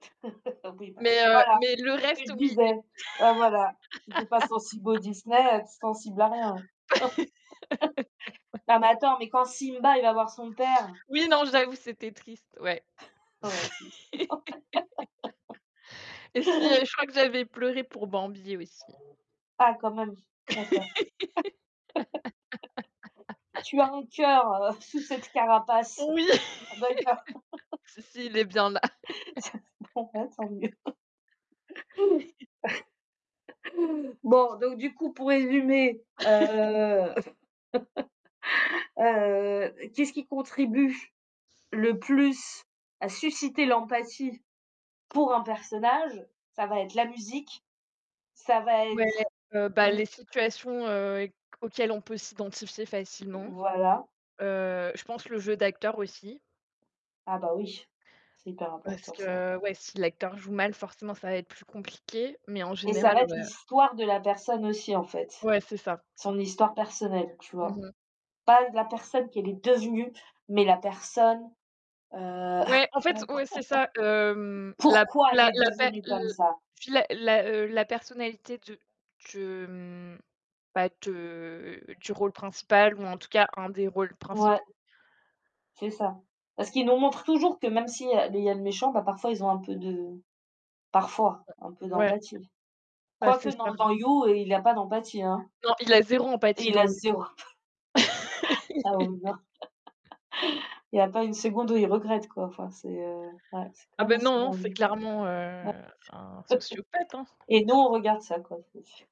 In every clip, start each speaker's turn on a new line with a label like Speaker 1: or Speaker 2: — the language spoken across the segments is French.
Speaker 1: Oui bah
Speaker 2: Mais, heu,
Speaker 1: voilà,
Speaker 2: mais le
Speaker 1: c'est ce que je
Speaker 2: reste, oui,
Speaker 1: disais. Bah voilà, si tu es pas sensible au Disney, heu, tu es sensible à rien.
Speaker 2: de
Speaker 1: Non mais attends, mais quand Simba il va voir son père.
Speaker 2: Oui, non, j'avoue, c'était triste, ouais.
Speaker 1: Ouais c'est c
Speaker 2: Et si, heu, je crois que j'avais pleuré pour Bambi aussi.
Speaker 1: Ah quand même, d'accord. Tu as un cœur, heu, sous cette carapace.
Speaker 2: Oui!
Speaker 1: D'accord.
Speaker 2: Si, si, il est bien là.
Speaker 1: Bon bah tant mieux. Bon, donc du coup, pour résumer, heu, heu, qu'est-ce qui contribue le plus à susciter l'empathie pour un personnage? Ça va être la musique. Ça va
Speaker 2: Ouais,
Speaker 1: être
Speaker 2: heu, bah, les
Speaker 1: l
Speaker 2: situations, heu, éq auxquelles on peut s'identifier facilement,
Speaker 1: Voilà.
Speaker 2: heu, je pense le jeu d'acteur aussi.
Speaker 1: Ah bah oui, c'est hyper
Speaker 2: Parce
Speaker 1: important ça.
Speaker 2: que, ouais, si l'acteur joue mal, forcément ça va être plus compliqué, mais en
Speaker 1: Et ça
Speaker 2: général,
Speaker 1: va être
Speaker 2: ouais.
Speaker 1: l'histoire de la personne aussi en fait,
Speaker 2: Ouais, c'est ça.
Speaker 1: son histoire personnelle, tu
Speaker 2: Mmh
Speaker 1: vois?
Speaker 2: mh.
Speaker 1: Pas la personne qu'elle est devenue, mais la personne, heu
Speaker 2: Ouais, en fait, oui, c'est ça, hem, la
Speaker 1: pourquoi elle
Speaker 2: la
Speaker 1: est
Speaker 2: la pa
Speaker 1: devenue
Speaker 2: l
Speaker 1: comme ça?
Speaker 2: fi la la, heu, la personnalité de de, mmh, bah de du rôle principal ou en tout cas un des rôles
Speaker 1: Ouais.
Speaker 2: principaux.
Speaker 1: C'est ça. Parce qu'ils nous montrent toujours que même s'il y a il y a le méchant, bah, parfois ils ont un peu de parfois
Speaker 2: Ouais,
Speaker 1: un peu
Speaker 2: ouais,
Speaker 1: d'empathie.
Speaker 2: bah,
Speaker 1: Quoique
Speaker 2: c'est ça.
Speaker 1: non, dans You, il a pas d'empathie, hein.
Speaker 2: Non, il a 0 empathie
Speaker 1: Il
Speaker 2: dans
Speaker 1: a
Speaker 2: lui.
Speaker 1: 0 emp. Ah oui, non, il y a pas une seconde où il regrette, quoi. Enfin, c'est, heu, ouais, c'est quand
Speaker 2: Ah
Speaker 1: même
Speaker 2: bah
Speaker 1: assez
Speaker 2: non, non, c'est
Speaker 1: dingue. [unintelligible]
Speaker 2: clairement, heu, un sociopathe, hein.
Speaker 1: Et nous, on regarde ça, quoi. C'est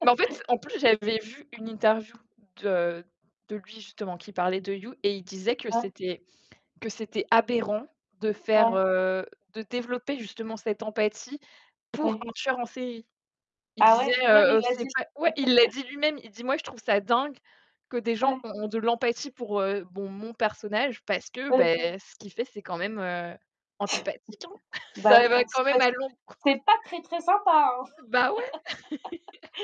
Speaker 2: Mais en fait, en plus, j'avais vu une interview de de lui justement, qui parlait de You et il disait que
Speaker 1: Ouais.
Speaker 2: c'était que c'était aberrant de faire,
Speaker 1: Ouais.
Speaker 2: heu, de développer justement cette empathie pour
Speaker 1: Ouais.
Speaker 2: un tueur en série. Il
Speaker 1: Ah
Speaker 2: disait,
Speaker 1: ouais, lui-même
Speaker 2: heu,
Speaker 1: il
Speaker 2: heu,
Speaker 1: l'a
Speaker 2: c'est
Speaker 1: dit?
Speaker 2: pas ouais, il l'a dit lui-même. Il dit: «Moi, je trouve ça dingue que des gens
Speaker 1: Ouais.
Speaker 2: ont ont de l'empathie pour, heu, mon mon personnage, parce que
Speaker 1: Oui.
Speaker 2: beh, ce qu'il fait, c'est quand même, heu, antipathique, hein.»
Speaker 1: Bah
Speaker 2: Ça
Speaker 1: oui,
Speaker 2: va quand même
Speaker 1: antipath
Speaker 2: à l'encon
Speaker 1: c'est pas très, très sympa, hein.
Speaker 2: Bah ouais.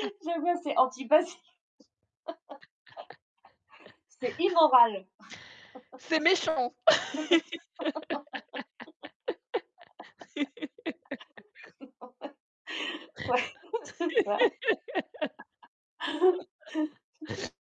Speaker 1: Je vois, c'est antipathique. C'est immoral.
Speaker 2: C'est méchant!
Speaker 1: C'est méchant. Ouais, c'est ça. C'est ça.